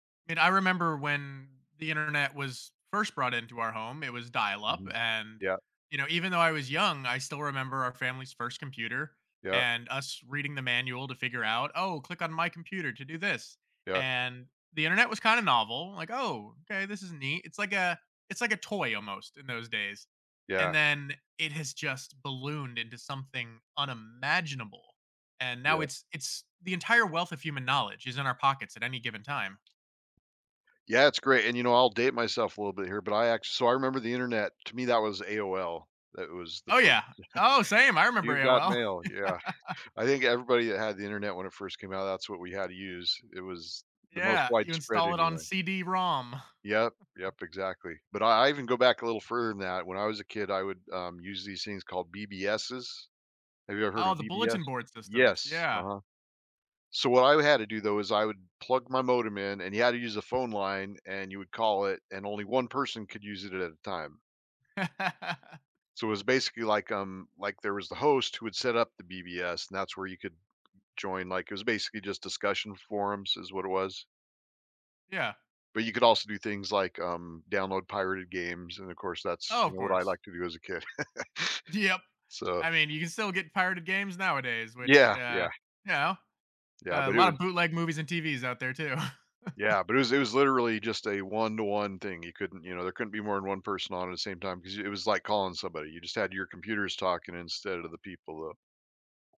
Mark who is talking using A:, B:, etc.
A: And I remember when the Internet was first brought into our home, it was dial-up,
B: Mhm.
A: and,
B: Yep.
A: you know, even though I was young, I still remember our family's first computer
B: Yep.
A: and us reading the manual to figure out, "Oh, click on my computer to do this."
B: Yep.
A: And the Internet was kinda novel, like, "Oh, okay, this is neat." It's like a it's like a toy almost in those days,
B: Yeah.
A: and then, it has just ballooned into something unimaginable, and now
B: Yep.
A: it's it's the entire wealth of human knowledge is in our pockets at any given time.
B: Yeah, it's great, and you know, I'll date myself a little bit here, but I ac so I remember the internet to me that was AOL. That was the
A: Oh,
B: first
A: yeah. Oh, same! I
B: yeah.
A: remember
B: "You've got
A: AOL. Oh,
B: mail." Yeah,
A: yeah.
B: I think everybody that had the internet when it first came out, that's what we had to use. It was the most
A: Yeah, you
B: widespread
A: install it on
B: anyway.
A: CD-ROM.
B: Yep, yep, exactly, but I I even go back a little further than that, when I was a kid, I would, um, use these things called BBSs. Have you ever heard
A: Oh,
B: of
A: the
B: BBS?
A: bulletin board systems,
B: Yes,
A: yeah.
B: uh-huh. So, what I, uh, had to do, though is I would plug my modem in, and you had to use a phone line, and you would call it, and only 1 person could use it at a time. So, it was basically like, um, like there was the host who would set up the BBS and that's where you could join, like, it was basically just discussion forums, is what it was.
A: Yeah.
B: But you could also do things like, um, download pirated games, and, of course, that's,
A: Oh,
B: you
A: of
B: know, what I
A: course.
B: liked to do as a kid.
A: Th yep,
B: So
A: I mean, you can still get pirated games nowadays, which,
B: Yeah,
A: uh,
B: yeah.
A: you know,
B: Yeah,
A: a
B: but it
A: lotta
B: was
A: bootleg movies and TVs out there too.
B: yeah, but it was it was literally just a one-to-one thing, you couldn't you know, there couldn't be more than 1 person on at the same time 'cause it it was like calling somebody, you just had your computers talking instead of the people, though.